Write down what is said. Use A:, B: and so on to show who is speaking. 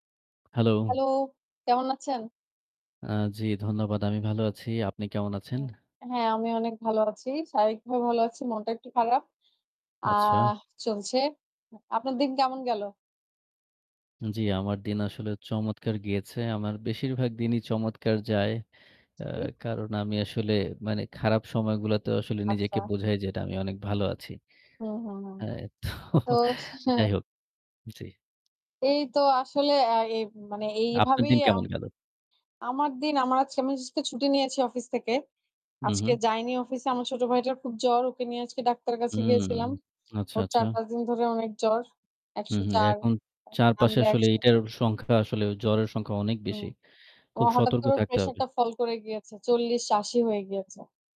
A: Hello.
B: Hello. কেমন আছেন?
A: আ জ্বি ধন্যবাদ। আমি ভালো আছি। আপনি কেমন আছেন?
B: উম হ্যাঁ, আমিও অনেক ভালো আছি। শারীরিক ভাবে ভালো আছি। মনটা একটু খারাপ।
A: আচ্ছা।
B: আহ চলছে। আপনার দিন কেমন গেল?
A: জ্বি, আমার দিন আসলে চমৎকার গিয়েছে। আমার বেশিরভাগ দিনই চমৎকার যায়। আ
B: জি।
A: কারণ আমি আসলে মানে খারাপ সময়গুলোতে আসলে নিজেকে
B: আচ্ছা।
A: বোঝাই যে, না আমি অনেক ভালো আছি।
B: হুম, হুম, হুম।
A: আ তো
B: তো হচ্ছে
A: যাই হোক জ্বি।
B: এই তো আসলে আ এই মানে
A: আপনার
B: এইভাবেই
A: দিন
B: আম
A: কেমন গেল?
B: আমার দিন আমার আজ আমি আজকে ছুটি নিয়েছি অফিস থেকে। আজকে
A: উম-হুম।
B: যাইনি অফিসে। আমার ছোট ভাইটার খুব জ্বর। ওকে নিয়ে আজকে ডাক্তারের কাছে
A: হুম
B: গিয়েছিলাম।
A: আচ্ছা,
B: ওর
A: আচ্ছা।
B: ৪-৫ দিন ধরে অনেক জ্বর। একশো
A: উম-হুম।
B: চার,
A: এখন চারপাশে
B: নামলে
A: আসলে
B: ১০০।
A: এইটার সংখ্যা আসলে জ্বরের সংখ্যা অনেক
B: হুম।
A: বেশি।
B: ও
A: খুব
B: হঠাৎ
A: সতর্ক
B: করে ওর
A: থাকতে হবে।
B: প্রেশারটা ফল করে গিয়েছে। ৪০-৮০ হয়ে গিয়েছে।